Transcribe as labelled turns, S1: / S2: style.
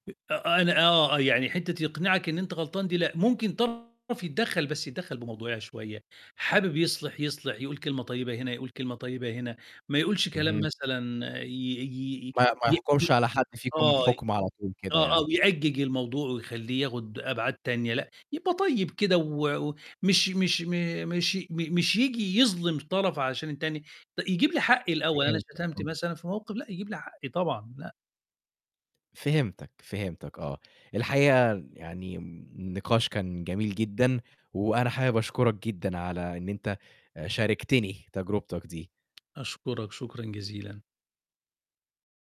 S1: أ آه، أنا آه، يعني حِتّه يقنعك إن أنت غلطان دي لأ، ممكن طرف يدّخل بس يدّخل بموضوعيَه شوية، حابب يصلِح، يصلِح يقول كلمة طيبة هنا يقول كلمة طيبة هنا، ما يقولش كلام
S2: اهم.
S1: مثلًا ي ي
S2: ما ما
S1: ي
S2: يحكمش
S1: ي
S2: على حد فيكم
S1: آه، آه،
S2: بحكم على طول كده
S1: آه، أو
S2: يعني.
S1: يِأجّج الموضوع ويخليه ياخد أبعاد تانية لأ، يبقى طيب كده و و مش مش م مش م مش ييجي يظلم طرف عشان التاني، يجيب لي حقي الأول أنا
S2: فهمتك،
S1: شتمت
S2: آه.
S1: مثلًا في الموقف، لأ، يجِيب لي حقي طبعًا، لأ.
S2: فهمتك، فهمتك آه، الحقيقة يعني النقاش كان جميل جدًا، وأنا حابب أشكرك جدًا على إن أنت شاركتني تجربتك دي.
S1: أشكرك شكرًا جزيلا.